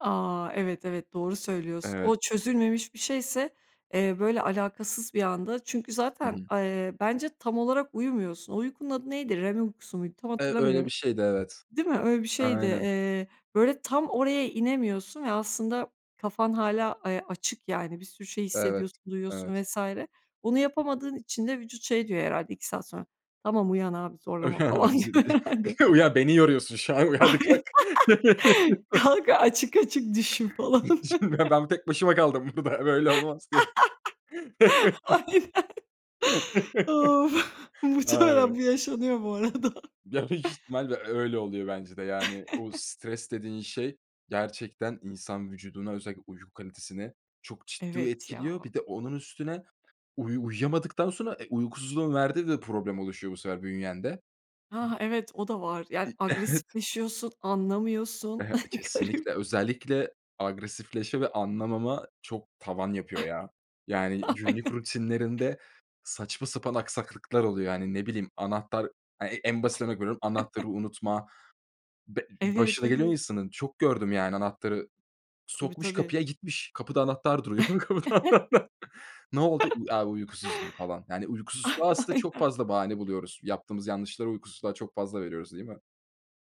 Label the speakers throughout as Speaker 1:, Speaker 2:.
Speaker 1: A, evet, evet, doğru söylüyorsun. O
Speaker 2: Evet.
Speaker 1: çözülmemiş bir şeyse, eee, böyle alakasız bir anda. Çünkü
Speaker 2: Hı
Speaker 1: zaten,
Speaker 2: hı.
Speaker 1: eee, bence tam olarak uyumuyorsun. O uykunun adı neydi? REM uykusu muydu? Tam
Speaker 2: Eee, öyle bir
Speaker 1: hatırlamıyorum
Speaker 2: şeydi, evet.
Speaker 1: Değil mi? Öyle bir şeydi.
Speaker 2: Aynen.
Speaker 1: Eee, böyle, tam oraya inemiyorsun ve aslında kafan hâlâ, eee, açık yani bir sürü şey
Speaker 2: Evet.
Speaker 1: hissediyorsun,
Speaker 2: Evet.
Speaker 1: duyuyorsun vs. Bunu yapamadığın için de vücut şey diyor herhâlde 2 saat sonra: "Tamam uyan abi zorlama
Speaker 2: Uyan
Speaker 1: falan
Speaker 2: abisi
Speaker 1: diyor herhâlde."
Speaker 2: [unintelligible] uyan, beni yoruyorsun şu an. E, hadi kalk!
Speaker 1: Ay Kalk, açık açık düşün falan.
Speaker 2: Şimdi ben b tek başıma kaldım burada böyle olmaz diye.
Speaker 1: Aynen. Of! Muhtemelen bu yaşanıyor bu arada.
Speaker 2: [unintelligible] Ya büyük ihtimalle öyle oluyor bence de yani o stres dediğin şey gerçekten insan vücuduna özellikle uyku kalitesine çok ciddi
Speaker 1: Evet,
Speaker 2: etkiliyor.
Speaker 1: ya.
Speaker 2: Bir de onun üstüne uyu uyuyamadıktan sonra e, uykusuzluğun verdiği de problem oluşuyor bu sefer bünyende. B
Speaker 1: Ha ha, evet, o da var. Yani
Speaker 2: İii. Evet.
Speaker 1: agresifleşiyorsun,
Speaker 2: E,
Speaker 1: anlamıyorsun.
Speaker 2: he
Speaker 1: Garip.
Speaker 2: Kesinlikle. Özellikle agresifleşme ve anlamama çok tavan yapıyor ya. Yani günlük
Speaker 1: Aynen.
Speaker 2: rutinlerinde saçma sapan aksaklıklar oluyor. Yani ne bileyim anahtar, e en basit örnek veriyorum anahtarı unutma. Be
Speaker 1: Evet,
Speaker 2: başına geliyor
Speaker 1: evet.
Speaker 2: insanın. Çok gördüm yani anahtarı.
Speaker 1: Tabii,
Speaker 2: Sokmuş
Speaker 1: tabii.
Speaker 2: kapıya gitmiş. Kapıda anahtar duruyor. Ne oldu? A, uykusuzdum falan. Yani uykusuzluğa aslında çok
Speaker 1: Aynen.
Speaker 2: fazla bahane buluyoruz. Yaptığımız yanlışları uykusuzluğa çok fazla veriyoruz, değil mi?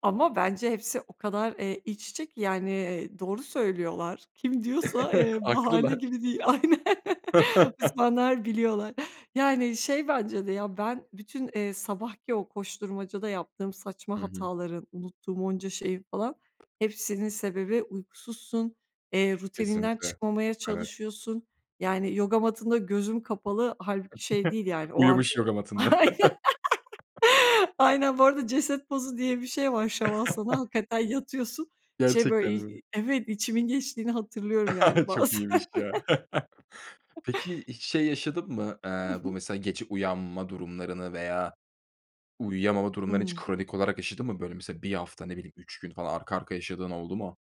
Speaker 1: Ama bence hepsi o kadar, eee, iç içe ki yani, eee, doğru söylüyorlar. Kim diyorsa, eee, bahane
Speaker 2: Haklılar.
Speaker 1: gibi değil. Aynen, uzmanlar biliyorlar. Yani şey bence de ya ben bütün, eee, sabahki o koşturmacada yaptığım saçma
Speaker 2: Hı hı.
Speaker 1: hataların, unuttuğum onca şeyin falan, hepsinin sebebi uykusuzsun, eee, rutininden
Speaker 2: Kesinlikle.
Speaker 1: çıkmamaya
Speaker 2: Evet.
Speaker 1: çalışıyorsun. Yani yoga matında gözüm kapalı. Hâlbuki şey değil yani o an, ııı
Speaker 2: Uyumuş yoga matında.
Speaker 1: Aynen, aynen bu arada ceset pozu diye bir şey var, Şavasana, hakikaten yatıyorsun. Şey
Speaker 2: Gerçekten
Speaker 1: böyle, i
Speaker 2: mi?
Speaker 1: iii, evet, içimin geçtiğini hatırlıyorum yani
Speaker 2: Çok
Speaker 1: bazen.
Speaker 2: iyiymiş ya. Peki hiç şey yaşadın mı?
Speaker 1: Hı
Speaker 2: Aaa, bu
Speaker 1: hı.
Speaker 2: mesela gece uyanma durumlarını veya uyuyamama durumlarını hiç
Speaker 1: Hıı.
Speaker 2: kronik olarak yaşadın mı, böyle, mesela 1 hafta ne bileyim 3 gün falan arka arkaya yaşadığın oldu mu?